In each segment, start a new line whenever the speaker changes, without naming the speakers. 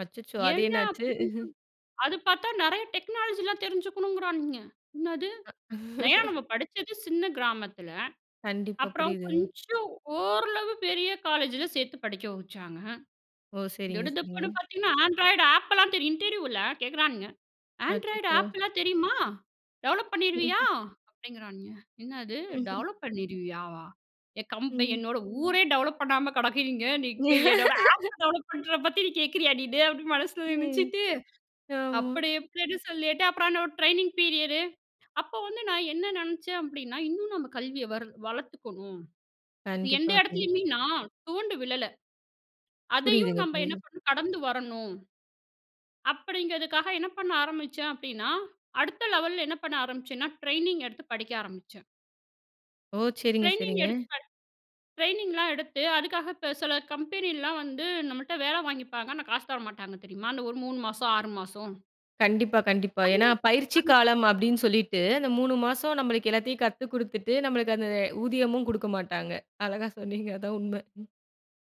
அச்சச்சோ! அது
ஏயா,
என்னாச்சு?
அப்படினு சொ அது பாத்தா, நெறய டெக்னாலஜி லா தெரிஞ்சுக்கணுங்கிறானுங்க. என்னது? நயா, நம்ம படுச்சது சின்ன கிராமத்தில.
கண்டிப்பா.
அப்புறம்
புரியுதுங்க.
கொஞ்சம் ஓரளவு பெரிய காலேஜில சேத்து படிக்க வச்சாங்க.
ஓ! சரிங்க. சரிங்க.
திடுதிப்புன்னு பாத்திங்கன்னா, ஆண்ட்ராய்டு ஆப் லா தெரியுன்ட்டு, இன்டர்வியூல கேட்குறானுங்க. ஆண்ட்ராய்டு
அச்சச்சோ!
ஆப் லா தெரியுமா? டெவலப் பண்ணிருவியா?
ம்ஹம்.
அப்படிங்கிறானுங்க. என்னது?
மஹம்.
டெவலப் பண்ணிடுவியாவா? என் கம்
ம்.
என்னோட ஊரே டெவலப் பண்ணாம கெடக்குதிங்க. நீங்க, என்னோட ஆப் டெவலப் பண்றத பத்தி, நீ கேக்கிறியா? நீனு அப்படின்னு, மனசில
ம்,
நெனச்சிட்டு,
ஆமா.
அப்படி இப்படின்னு சொல்லிட்டு, அப்புறம் என்னோட ட்ரெய்னிங் பீரியடு, அப்ப வந்து நான் என்ன நெனச்சேன்? அப்டின்னா, இன்னும் நம்ம கல்விய வர் வளர்த்துக்கணும். எந்த
கண்டிப்பா, கண்டிப்.
இடத்துலயுமே நான் துவண்டு விழல. அதையும்
புரியுதுங்க,
நம்ம என்ன
புரியுது.
பண்ணணும்? கடந்து வரணும். அப்படிங்கிறதுக்காக என்ன பண்ண ஆரம்பிச்சேன்? அப்படின்னா, அடுத்த லெவல்ல என்ன பண்ண ஆரம்பிச்சேனா, டிரெய்னிங் எடுத்து படிக்க ஆரம்பிச்சேன்.
ஓ, சரிங்க.
டிரெய்னிங்
சரிங்க.
எடுத்து படு ட்ரெய்னிங்லாம் எடுத்து, அதுக்காக இப்ப சில கம்பெனிலாம் வந்து நம்மள்ட்ட வேலை வாங்கிப்பாங்க. ஆனா, காசு தர மாட்டாங்க. தெரியுமா? அந்த ஒரு 3 மாசம், 6 மாசம்.
கண்டிப்பா, கண்டிப்பா.
அந்த,
ஏன்னா பயிற்சி
அந்
காலம் அப்டினு சொல்லிட்டு, அந்த 3 மாசம் நம்மளுக்கு எல்லாத்தையும் கத்து குடுத்துட்டு, நம்மளுக்கு அந்த ஊதியமும் குடுக்க மாட்டாங்க. அழகா சொன்னீங்க. அதா உண்ம. ம்.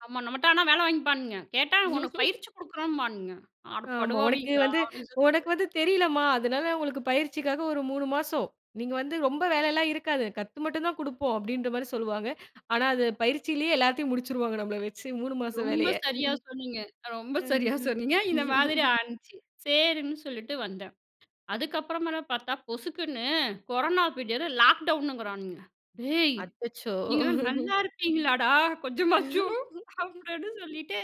ஆமா, நம்மட்ட ஆனா வேலை வாங்கிப்பானுங்க. கேட்டா உனக்கு பயிற்சி குடுக்குறோம்பானுங்க. அட
ஆமா. உனக்கு
படுவாவீங்களா,
வந்து,
அப்படின்னு
உனக்கு
சொல்லிட்டு.
வந்து தெரிலம்மா. அதனால உங்களுக்கு பயிற்சிக்காக ஒரு 3 மாசம். நீங்க வந்து ரொம்ப வேலைலாம் இருக்காது. கத்து மட்டுந்தான் குடுப்போம். அப்படின்ற மாரி சொல்லுவாங்க. ஆனா, அது பயிற்சியிலேயே எல்லாத்தையும் முடிச்சிடுவாங்க, நம்மள வச்சு 3 மாச
ரொம்ப
வேலய.
சரியா சொன்னிங்க. ரொம்ப சரியா
கண்டிப்பா.
சொன்னிங்க. இந்த மாதிரி ஆகிருச்சு. சேரின்னு சொல்லிட்டு வந்தேன். அதுக்கப்புறமாதா பாத்தா பொசுக்குன்னு, கொரானா பீரியடு, லாக்டவுனுங்குறானுங்க. ''டேய்,
அச்சச்சோ!
நீங்கள்லாம் நல்லாயிருப்பீங்களாடா, கொஞ்சமாச்சும்.'' அப்படின்னு சொல்லிட்டு,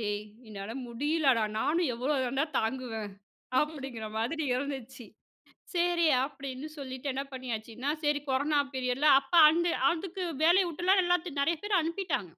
டேய் என்னால முடியலடா. நானும் எவ்வளோ தாண்டா தாங்குவேன்? அப்படிங்கிற மாதிரி இருந்துச்சு. சேரி, அப்டின்னு சொல்லிட்டு என்ன பண்ணியாச்சுன்னா, சரி கொரானா பீரியட்ல, அப்ப அந்த அதுக்கு வேலய விட்றலாம். எல்லாத்தையும், நெறைய பேர அனுப்பிட்டாங்க.